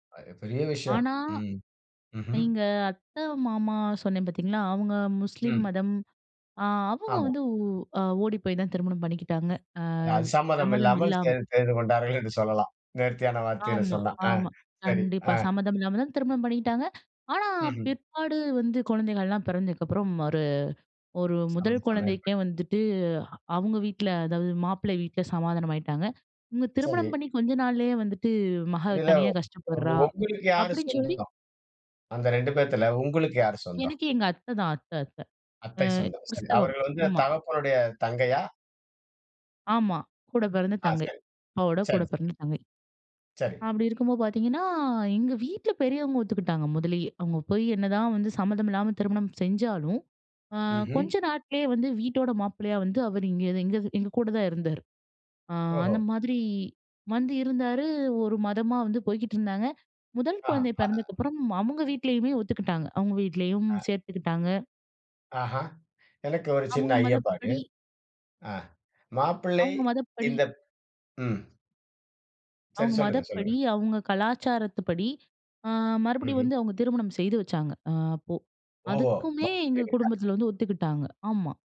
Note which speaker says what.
Speaker 1: அது பெரிய விஷயம்.
Speaker 2: ஆனா,
Speaker 1: ம். ம்ஹ்ம்.
Speaker 2: எங்க அத்த, மாமா சொன்னேன் பாத்தீங்களா, அவுங்க முஸ்லிம்
Speaker 1: ம்.
Speaker 2: மதம். அ, அவுங்க
Speaker 1: ஆமா.
Speaker 2: வந்து, ஓ ஓடி போயி தான் திருமணம் பண்ணிக்கிட்டாங்க. அ,
Speaker 1: அ, சம்மதம்
Speaker 2: சம்மதம்
Speaker 1: இல்லாமல்
Speaker 2: இல்லாம.
Speaker 1: செது செய்துகொண்டார்கள் என்று சொல்லலாம். நேர்த்தியான வார்த்தையில
Speaker 2: ஆமா,
Speaker 1: சொன்னா. ஆ,
Speaker 2: ஆமா,
Speaker 1: சரி.
Speaker 2: கண்டிப்பா.
Speaker 1: ஆ.
Speaker 2: சம்மதம் இல்லாம தான் திருமணம் பண்ணிக்கிட்டாங்க. ஆனா
Speaker 1: ம்.
Speaker 2: பிற்பாடு வந்து குழந்தைகள் எல்லாம் பிறந்ததுக்கு அப்புறம், ஒரு ஒரு 1
Speaker 1: [unintelligible]
Speaker 2: குழந்தைக்கே வந்துட்டு, அவுங்க வீட்ல அதாவது மாப்பிள்ளை வீட்ல சமாதானம் ஆயிட்டாங்க. இவுங்க திருமணம்
Speaker 1: சரி.
Speaker 2: பண்ணி கொஞ்ச நாள்லயே வந்துட்டு, மக
Speaker 1: இதுல,
Speaker 2: தனியா கஷ்டப்படுறா
Speaker 1: உங்களுக்கு யாரு
Speaker 2: அப்டின்னு சொல்லி
Speaker 1: சொந்தம்? அந்த 2 பேத்துல, உங்களுக்கு யாரு சொந்தம்?
Speaker 2: எனக்கு எங்க அத்ததான் அத்த அத்த. அ,
Speaker 1: அத்தை சொந்தம். சரி,
Speaker 2: கிறிஸ்தவம்.
Speaker 1: அவர்கள் வந்து
Speaker 2: ஆமா.
Speaker 1: தகப்பனுடைய தங்கையா?
Speaker 2: ஆமா, கூடப்பெறந்த
Speaker 1: ஆ,
Speaker 2: தங்கை.
Speaker 1: சரி.
Speaker 2: அப்பாவோட
Speaker 1: சரி. சரி.
Speaker 2: கூடப்பெறந்த தங்கை.
Speaker 1: சரி.
Speaker 2: அப்டி இருக்கும்போது பாத்தீங்கன்னா, எங்க வீட்ல பெரியவங்க ஒத்துக்கிட்டாங்க, முதலயே. அவுங்க போயி என்னதான் வந்து சம்மதம் இல்லாம திருமணம் செஞ்சாலும், அ,
Speaker 1: ம்ஹ்ம்.
Speaker 2: கொஞ்ச நாட்கள்லே வந்து வீட்டோட மாப்பிள்ளையா வந்து, அவர் இங்க, எங்க எங்க கூட தான் இருந்தாரு. அ, அந்த
Speaker 1: ஓஹோ!
Speaker 2: மாதிரி வந்து இருந்தாரு. 1 மதமா வந்து போய்க்கிட்டு இருந்தாங்க. 1
Speaker 1: ஆஹ.
Speaker 2: குழந்தை பெறந்ததுக்கு அப்புறம், அவுங்க வீட்லயுமே ஒத்துக்கிட்டாங்க. அவுங்க வீட்லயும்
Speaker 1: ஆ.
Speaker 2: சேத்துக்கிட்டாங்க.
Speaker 1: ஆஹ! எனக்கு ஒரு சின்ன
Speaker 2: அவுங்க
Speaker 1: ஐயப்பாடு.
Speaker 2: மதப்படி
Speaker 1: ஆ. மாப்பிள்ளை
Speaker 2: அவுங்க மதப்படி
Speaker 1: இந்த ம். சரி.
Speaker 2: அவுங்க
Speaker 1: சொல்லுங்க, சொல்லுங்க.
Speaker 2: மதப்படி, அவுங்க கலாச்சாரத்துப்படி, அ, மறுபடியும்
Speaker 1: ம்ஹ்ம்.
Speaker 2: வந்து அவுங்க திருமணம் செய்து வச்சாங்க. அ, அப்போ.
Speaker 1: ஓஹோ!
Speaker 2: அதுக்குமே எங்க
Speaker 1: மாப்பிள்ளை வீடா?
Speaker 2: குடும்பத்துல வந்து ஒத்துக்கிட்டாங்க. ஆமா.